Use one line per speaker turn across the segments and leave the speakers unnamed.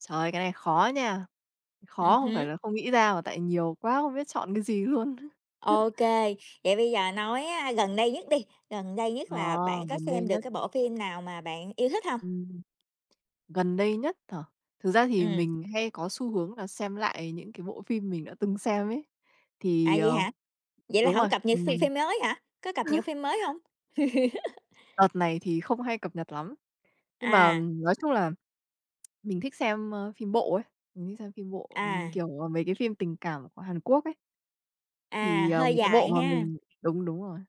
Trời, cái này khó nha!
Ừm
Khó không phải
hứm.
là không nghĩ ra mà tại nhiều quá không biết chọn cái gì luôn á!
OK, vậy bây giờ nói á, gần đây nhất đi. Gần đây nhất
Ờ,
là bạn có
gần đây
xem được
nhất.
cái bộ phim nào mà bạn yêu thích hông?
Ừm, gần đây nhất hả? Thực ra thì
Ừm.
mình hay có xu hướng là xem lại những cái bộ phim mình đã từng xem ấy.
À,
Thì,
vậy
ờ
hả? Vậy là
đúng
hổng
rồi,
cập nhật phim
ừm.
phim mới hả? Có cập nhật phim mới hông?
Đợt này thì không hay cập nhật lắm, nhưng mà,
À.
ừm, nói chung là mình thích xem, a, phim bộ ấy, mình thích xem phim bộ, ừm,
À.
kiểu, à, mấy cái phim tình cảm của Hàn Quốc ấy.
À,
Thì, ờ,
hơi
một cái bộ
dài
mà
ha.
mình đúng, đúng rồi,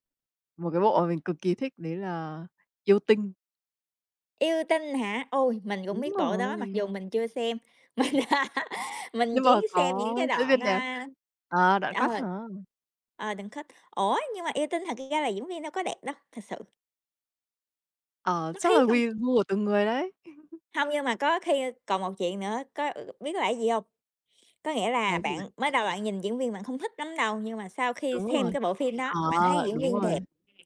một cái bộ mà mình cực kỳ thích đấy là Yêu Tinh.
Yêu Tinh hả? Ôi, mình cũng
Đúng
biết bộ đó, mặc
rồi.
dù mình chưa xem. Mình mình
Nhưng mà
chỉ xem
có
những cái
diễn
đoạn,
viên đẹp.
a
À, đoạn
ờ,
cắt hả?
ờ, đoạn cut. Ủa, nhưng mà Yêu Tinh thật ra là diễn viên đâu có đẹp đâu, thật sự.
Ờ,
Mắt hí
chắc là
không.
quy gu của từng người đấy.
Hông, nhưng mà có khi còn một chuyện nữa, có ờ, ờ, biết là gì hông? Có nghĩa
Là
là
cái gì
bạn
vậy?
mới đầu bạn nhìn diễn viên bạn không thích lắm đâu, nhưng mà sau khi
Đúng
xem
rồi,
cái bộ phim đó,
ờ,
bạn thấy diễn
đúng
viên
rồi!
đẹp,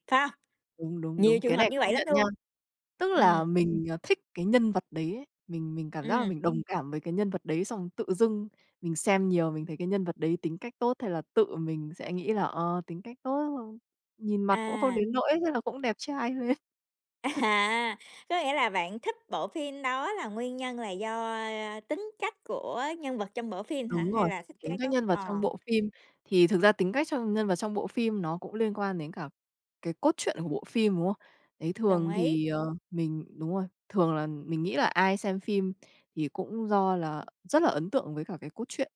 phải hông?
Đúng, đúng,
Nhiều
đúng.
trường
Cái
hợp
này
như vậy
công
lắm
nhận nha.
luôn.
Tức là
Ừm.
mình, à, thích cái nhân vật đấy ấy, mình mình cảm giác là
Ừm.
mình đồng cảm với cái nhân vật đấy, xong tự dưng mình xem nhiều, mình thấy cái nhân vật đấy tính cách tốt, thế là tự mình sẽ nghĩ là, ờ, tính cách tốt [unintelligible] nhìn mặt cũng không
À.
đến nỗi, thế là cũng đẹp trai lên.
À, có nghĩa là bạn thích bộ phim đó là nguyên nhân là do, a, a, tính cách của nhân vật trong bộ phim hả?
Đúng
Hay
rồi,
là thích
tính
cái
cách
cốt
nhân vật
ờ.
trong bộ phim. Thì thực ra tính cách trong nhân vật trong bộ phim nó cũng liên quan đến cả cái cốt truyện của bộ phim, đúng không? Đấy,
Đồng
thường
ý.
thì, ờ, mình đúng rồi, thường là mình nghĩ là ai xem phim thì cũng do là rất là ấn tượng với cả cái cốt truyện.